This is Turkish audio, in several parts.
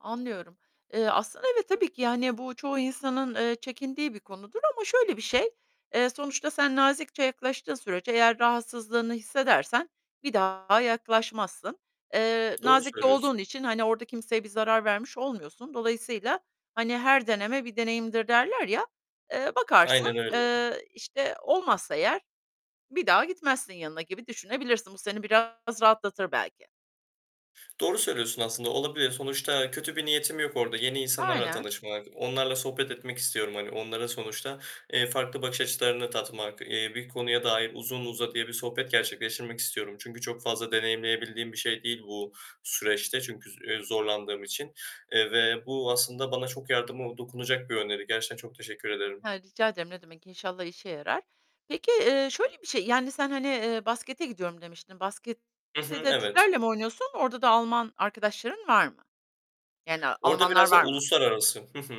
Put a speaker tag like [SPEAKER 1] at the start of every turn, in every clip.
[SPEAKER 1] Anlıyorum. Eee, aslında, evet, tabii ki, yani, bu çoğu insanın, eee, çekindiği bir konudur ama şöyle bir şey: Eee, sonuçta sen nazikçe yaklaştığın sürece eğer rahatsızlığını hissedersen bir daha yaklaşmazsın. Eee,
[SPEAKER 2] Doğru
[SPEAKER 1] nazik de
[SPEAKER 2] söylüyorsun.
[SPEAKER 1] olduğun için, hani, orada kimseye bir zarar vermiş olmuyorsun. Dolayısıyla, hani, her deneme bir deneyimdir derler ya, eee,
[SPEAKER 2] Aynen
[SPEAKER 1] bakarsın,
[SPEAKER 2] öyle.
[SPEAKER 1] eee, işte, olmazsa eğer bir daha gitmezsin yanına gibi düşünebilirsin. Bu seni biraz rahatlatır belki.
[SPEAKER 2] Doğru söylüyorsun, aslında, olabilir. Sonuçta kötü bir niyetim yok orada; yeni insanlarla
[SPEAKER 1] Aynen.
[SPEAKER 2] tanışmak, onlarla sohbet etmek istiyorum, hani, onlara sonuçta, eee, farklı bakış açılarını tatmak, eee, bir konuya dair uzun uzadıya bir sohbet gerçekleştirmek istiyorum, çünkü çok fazla deneyimleyebildiğim bir şey değil bu süreçte çünkü, eee, zorlandığım için, eee, ve bu aslında bana çok yardımı dokunacak bir öneri. Gerçekten çok teşekkür ederim.
[SPEAKER 1] He, rica ederim, ne demek. İnşallah işe yarar. Peki, eee, şöyle bir şey, yani, sen hani, eee, baskete gidiyorum demiştin.
[SPEAKER 2] Hı
[SPEAKER 1] Baskette
[SPEAKER 2] hı,
[SPEAKER 1] de
[SPEAKER 2] evet.
[SPEAKER 1] Türklerle mi oynuyorsun? Orada da Alman arkadaşların var mı, yani
[SPEAKER 2] Orada
[SPEAKER 1] Almanlar
[SPEAKER 2] biraz da
[SPEAKER 1] var mı?
[SPEAKER 2] uluslararası Hı hı.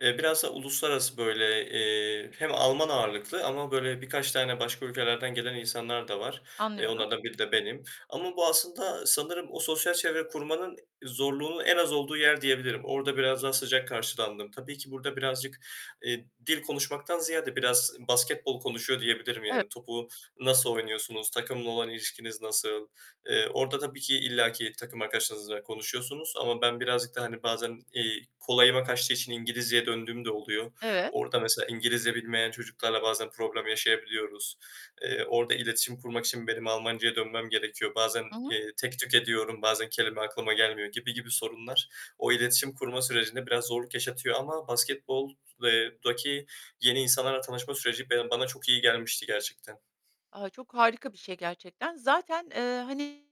[SPEAKER 2] Eee, biraz da uluslararası böyle, eee, hem Alman ağırlıklı ama böyle birkaç tane başka ülkelerden gelen insanlar da var. Eee,
[SPEAKER 1] Anlıyorum.
[SPEAKER 2] onlardan biri de benim ama bu aslında sanırım o sosyal çevre kurmanın zorluğunun en az olduğu yer diyebilirim. Orada biraz daha sıcak karşılandım. Tabii ki burada birazcık, eee, dil konuşmaktan ziyade biraz basketbol konuşuyor diyebilirim.
[SPEAKER 1] E
[SPEAKER 2] Yani topu nasıl. oynuyorsunuz, takımla olan ilişkiniz nasıl? Eee, orada tabii ki illaki takım arkadaşınızla konuşuyorsunuz ama ben birazcık da, hani, bazen, eee, kolayıma kaçtığı için İngilizceye döndüğüm de oluyor.
[SPEAKER 1] Evet.
[SPEAKER 2] Orada mesela İngilizce bilmeyen çocuklarla bazen problem yaşayabiliyoruz. Eee, orada iletişim kurmak için benim Almancaya dönmem gerekiyor. Bazen,
[SPEAKER 1] Hı hı.
[SPEAKER 2] eee, tek tük ediyorum, bazen kelime aklıma gelmiyor gibi gibi sorunlar o iletişim kurma sürecinde biraz zorluk yaşatıyor ama basketbol eee, daki yeni insanlarla tanışma süreci be bana çok iyi gelmişti gerçekten.
[SPEAKER 1] A, çok harika bir şey gerçekten. Zaten, eee, hani,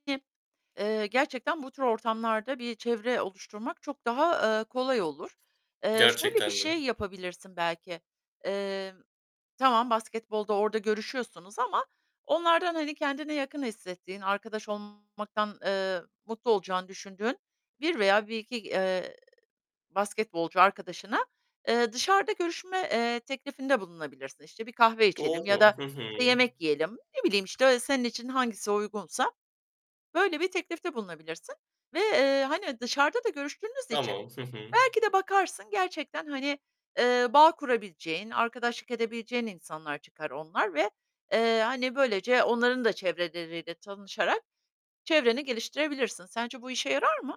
[SPEAKER 1] eee, gerçekten bu tür ortamlarda bir çevre oluşturmak çok daha, eee, kolay olur. Eee, şöyle bir
[SPEAKER 2] Gerçekten de.
[SPEAKER 1] şey yapabilirsin belki: Eee, tamam basketbolda orada görüşüyorsunuz ama onlardan, hani, kendine yakın hissettiğin, arkadaş olmaktan, eee, mutlu olacağını düşündüğün 1 veya 1-2, eee, basketbolcu arkadaşına, eee, dışarıda görüşme, eee, teklifinde bulunabilirsin. İşte, bir kahve içelim ya
[SPEAKER 2] Doğru.
[SPEAKER 1] da,
[SPEAKER 2] Hı hı.
[SPEAKER 1] işte yemek yiyelim. Ne bileyim, işte, senin için hangisi uygunsa böyle bir teklifte bulunabilirsin ve, eee, hani, dışarıda da görüştüğünüz için
[SPEAKER 2] Tamam. Hı hı.
[SPEAKER 1] belki de bakarsın gerçekten, hani, eee, bağ kurabileceğin, arkadaşlık edebileceğin insanlar çıkar onlar ve, eee, hani, böylece onların da çevreleriyle tanışarak çevreni geliştirebilirsin. Sence bu işe yarar mı?